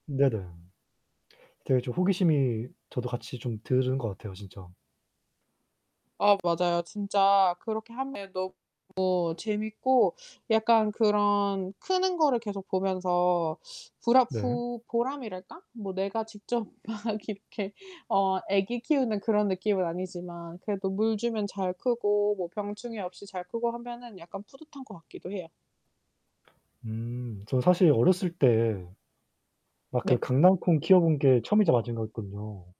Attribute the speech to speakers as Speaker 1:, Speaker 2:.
Speaker 1: 네네. 되게 좀 호기심이 저도 같이 좀 드는 것 같아요, 진짜.
Speaker 2: 아 맞아요. 진짜 그렇게 하면 너 무 재밌고 약간 그런 크는 거를 계속 보면서 부라
Speaker 1: 네.
Speaker 2: 푸 보람이랄까? 뭐 내가 직접 막 이렇게 어, 애기 키우는 그런 느낌은 아니지만 그래도 물 주면 잘 크고 뭐 병충해 없이 잘 크고 하면은 약간 뿌듯한 거 같기도 해요.
Speaker 1: 음, 저 사실 어렸을 때에 막 그
Speaker 2: 네.
Speaker 1: 강낭콩 키워본 게 처음이자 마지막이었거든요.